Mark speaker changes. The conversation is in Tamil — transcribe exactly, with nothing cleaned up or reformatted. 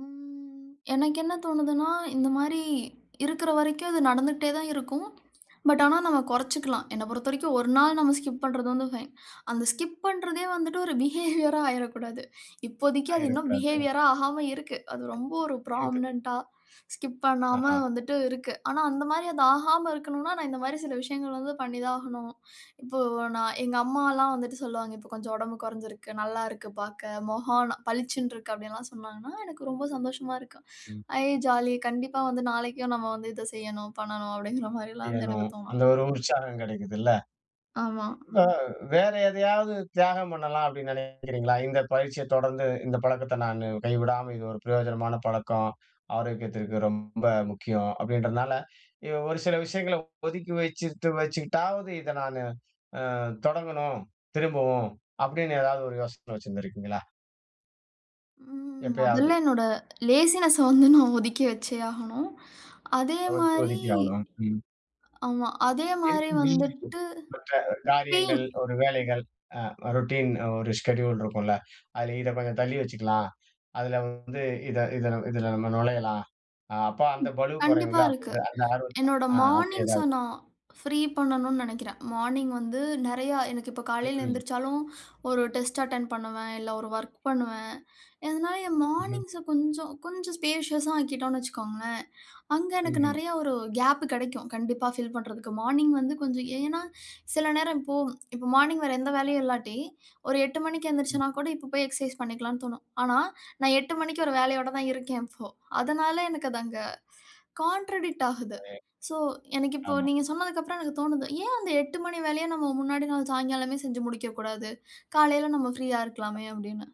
Speaker 1: ம், எனக்கு என்ன தோணுதுன்னா, இந்தமாரி இருக்கிற வரைக்கும் அது நடந்துகிட்டே தான் இருக்கும். பட் ஆனா, நாம குறைச்சுக்கலாம். என்ன பொறுத்தவரைக்கும் ஒரு நாள் நம்ம ஸ்கிப் பண்றது வந்து பைன். அந்த ஸ்கிப் பண்றதே வந்துட்டு ஒரு பிஹேவியரா ஆயிறடக்கூடாது. இப்போதைக்கு அது இன்னும்
Speaker 2: ஆயிறக்கூடாது.
Speaker 1: பிஹேவியரா ஆகாம இருக்கு. அது ரொம்ப ஒரு
Speaker 2: இருக்குது.
Speaker 1: ஃப்ராமனன்ட்டா ஸ்கிப் பண்ணாம
Speaker 2: ஆஹா!
Speaker 1: வந்துட்டு இருக்கு. ஆனா அந்தமாரி அது ஆகாம இருக்கணுன்னா, நான் இந்தமாரி சில விஷயங்கள் வந்து பண்ணி தான் ஆகணும். இப்போ நான், எங்க அம்மால்லாம் வந்துட்டு சொல்லுவாங்க. இப்ப கொஞ்சம் உடம்பு குறைஞ்சுருக்கு, நல்லா இருக்கு பார்க்க. மொகம் ந பளிச்சுண்டு இருக்கு, அப்பிடியெல்லாம் சொன்னாங்கன்னா, எனக்கு ரொம்ப சந்தோஷமா இருக்கும்.
Speaker 2: ம்.
Speaker 1: ஐ ஜாலி! கண்டிப்பா வந்து நாளைக்கும் நம்ம வந்து இத செய்யணும், பண்ணணும் அப்பிடிங்கிறமாரி எல்லாம் வந்து எனக்கு
Speaker 2: செய்யணும்.
Speaker 1: தோணும்.
Speaker 2: அந்த ஒரு உற்சாகம் கிடைக்கிதுல்ல.
Speaker 1: ஆமா.
Speaker 2: வே வேற எதையாவது தியாகம் பண்ணலாம் அப்பிடின்னு நினைக்கிறீங்களா? இந்த பயிற்சிய தொடர்ந்து, இந்த பழக்கத்த நானு கைவிடாம இது ஒரு பிரயோஜனமான பழக்கம். ஆரோக்கியத்திற்கு ரொம்ப முக்கியம், அப்பிடின்றதனால, வ் ஒரு சில விஷயங்கள ஒதுக்கி வச்சுட்டு வச்சுக்கிட்டாவது இத நானு அ தொடங்கணும், திரும்பவும் அப்பிடின்னு ஏதாவது ஒரு யோசனை வச்சிருந்திருக்கீங்களா?
Speaker 1: ம்.
Speaker 2: எப்பயாவது.
Speaker 1: மொதல்ல என்னோட லேசினஸ்ஸ வந்து நான் ஒதுக்கி வச்சே ஆகணும்.
Speaker 2: கவர்ச்சி
Speaker 1: அதேமாரி,
Speaker 2: ஒதுக்கி ஆவணும். ம்.
Speaker 1: ஆமா. அதே
Speaker 2: இரு
Speaker 1: மாரி
Speaker 2: [unintelligible]
Speaker 1: வந்துட்டு
Speaker 2: மற்ற காரியங்கள்,
Speaker 1: பெயின்.
Speaker 2: ஒரு வேலைகள், அ ரொட்டின் ஒரு ஷெட்யூல் இருக்குல்ல. அதில இத கொஞ்சம் தள்ளி வச்சுக்கலாம். அதில வந்து இத, இதுல, இதில நம்ம நுழையலாம். அப்ப அந்த
Speaker 1: ம்,
Speaker 2: பளுவு
Speaker 1: கண்டிப்பா
Speaker 2: குறையும்ல,
Speaker 1: இருக்கு.
Speaker 2: அப்பிடின்னு அந்த ஆர்வத்த
Speaker 1: என்னோட
Speaker 2: அ அப்பிடி
Speaker 1: மார்னிங்ஸ
Speaker 2: ஏதாவது.
Speaker 1: நான் ஃப்ரீ பண்ணணுன்னு நினைக்கிறேன். மார்னிங் வந்து நிறையா எனக்கு இப்ப காலையில
Speaker 2: ம்ஹ்ம்.
Speaker 1: எந்திரிச்சாலும், ஒரு டெஸ்ட் அட்டெண்ட் பண்ணுவேன், இல்ல ஒரு வொர்க் பண்ணுவேன். இதனால என்
Speaker 2: ம்ஹ்ம்.
Speaker 1: மார்னிங்ஸ கொஞ்சம், கொஞ்சம் ஸ்பேஷியஸா ஆக்கிட்டோன்னு வச்சுக்கோங்களேன், அங்க எனக்கு
Speaker 2: ம்ஹ்ம்.
Speaker 1: நிறையா ஒரு கேப் கிடைக்கும் கண்டிப்பா, ஃபில் பண்றதுக்கு. மார்னிங் வந்து கொஞ்சம் ஏன்னா, சில நேரம் இப்போ இப்போ மார்னிங் வேற எந்த வேலையும் இல்லாட்டி ஒரு எட்டு மணிக்கு
Speaker 2: ம்.
Speaker 1: எந்திரிச்சேன்னா கூட, இப்ப போய் எக்சர்சைஸ் பண்ணிக்கலான்னு தோணும். ஆனா, நான் எட்டு மணிக்கு ஒரு வேலையோட தான் இருக்கேன் இப்போ. அதனால எனக்கு அது அங்க கான்ட்ரடிக்ட் ஆகுது.
Speaker 2: [unintelligible]
Speaker 1: சோ, எனக்கு இப்போ
Speaker 2: ஆமா.
Speaker 1: நீங்க சொன்னதுக்கு அப்புறம் எனக்கு தோணுது. ஏன் அந்த எட்டு மணி வேலைய, நம்ம முன்னாடி நாள் சாயங்காலமே செஞ்சு முடிக்கக்கூடாது? காலையில நம்ம ஃப்ரீயா இருக்கலாமே! அப்பிடின்னு.